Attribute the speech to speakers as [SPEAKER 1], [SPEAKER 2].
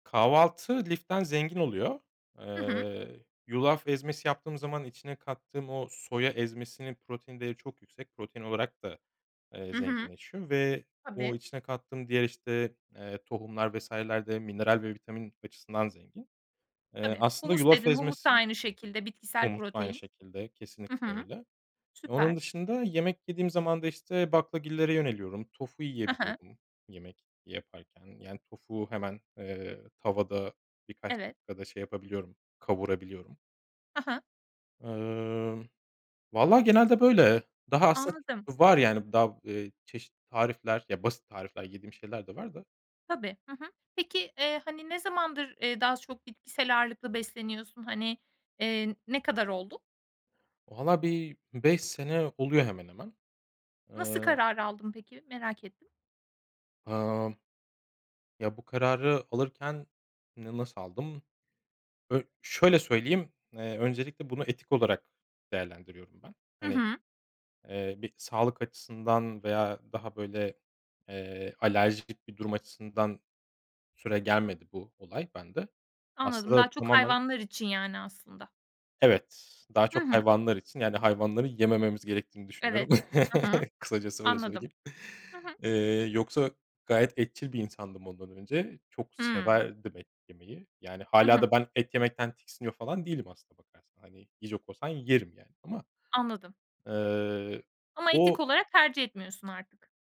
[SPEAKER 1] Kahvaltı liften zengin oluyor.
[SPEAKER 2] Hı hı.
[SPEAKER 1] Eee, yulaf ezmesi yaptığım zaman içine kattığım o soya ezmesinin protein değeri çok yüksek. Protein olarak da, eee,
[SPEAKER 2] Hı hı.
[SPEAKER 1] zenginleşiyor ve o
[SPEAKER 2] Tabii.
[SPEAKER 1] içine kattığım diğer işte, eee, tohumlar vs.ler de mineral ve vitamin açısından zengin. Eee,
[SPEAKER 2] Tabii,
[SPEAKER 1] aslında
[SPEAKER 2] humus
[SPEAKER 1] yulaf
[SPEAKER 2] dedin, humus da
[SPEAKER 1] ezmesi
[SPEAKER 2] aynı şekilde bitkisel
[SPEAKER 1] Humus aynı
[SPEAKER 2] protein.
[SPEAKER 1] şekilde
[SPEAKER 2] Hı
[SPEAKER 1] kesinlikle
[SPEAKER 2] hı.
[SPEAKER 1] öyle.
[SPEAKER 2] Süper
[SPEAKER 1] Onun dışında yemek yediğim zaman da işte baklagillere yöneliyorum. Tofu
[SPEAKER 2] Hı hı.
[SPEAKER 1] yiyebiliyorum yemek yaparken. Yani tofu hemen, eee, tavada birkaç
[SPEAKER 2] Evet.
[SPEAKER 1] dakikada şey yapabiliyorum, kavurabiliyorum.
[SPEAKER 2] Hı hı.
[SPEAKER 1] Eee, valla genelde böyle. Daha aslında
[SPEAKER 2] Anladım.
[SPEAKER 1] t var yani daha, eee, çeşitli tarifler, ya basit tarifler yediğim şeyler de var da.
[SPEAKER 2] Tabii, hı hı. Peki, eee, hani, ne zamandır, eee, daha çok bitkisel ağırlıklı besleniyorsun? Hani, eee, ne kadar oldu?
[SPEAKER 1] Vallahi bir 5 sene oluyor hemen hemen.
[SPEAKER 2] Nasıl
[SPEAKER 1] Eee
[SPEAKER 2] kararı aldın peki, merak ettim.
[SPEAKER 1] Emm. Ya, bu kararı alırken n nasıl aldım? Ö şöyle söyleyeyim, eee, öncelikle bunu etik olarak değerlendiriyorum ben.
[SPEAKER 2] Hı
[SPEAKER 1] Hani,
[SPEAKER 2] hı.
[SPEAKER 1] eee, bir sağlık açısından veya daha böyle, eee, alerjik bir durum açısından süregelmedi bu olay bende.
[SPEAKER 2] Anladım, daha
[SPEAKER 1] Aslında
[SPEAKER 2] çok
[SPEAKER 1] tamamen
[SPEAKER 2] hayvanlar için yani, aslında.
[SPEAKER 1] Evet, daha
[SPEAKER 2] Hı
[SPEAKER 1] çok
[SPEAKER 2] hı.
[SPEAKER 1] hayvanlar için yani hayvanları yemememiz gerektiğini düşünüyorum.
[SPEAKER 2] Evet, hı hı,
[SPEAKER 1] Kısacası öyle
[SPEAKER 2] anladım.
[SPEAKER 1] söyleyeyim.
[SPEAKER 2] Hı hı.
[SPEAKER 1] Eee, yoksa gayet etçil bir insandım ondan önce. Çok
[SPEAKER 2] Hıı.
[SPEAKER 1] severdim et yemeyi. Yani
[SPEAKER 2] Hı
[SPEAKER 1] hâlâ
[SPEAKER 2] hı.
[SPEAKER 1] da ben et yemekten tiksiniyor falan değilim aslında bakarsan. Hani yiyecek olsam yerim yani ama,
[SPEAKER 2] Anladım.
[SPEAKER 1] eee,
[SPEAKER 2] Ama etik
[SPEAKER 1] o
[SPEAKER 2] olarak tercih etmiyorsun artık.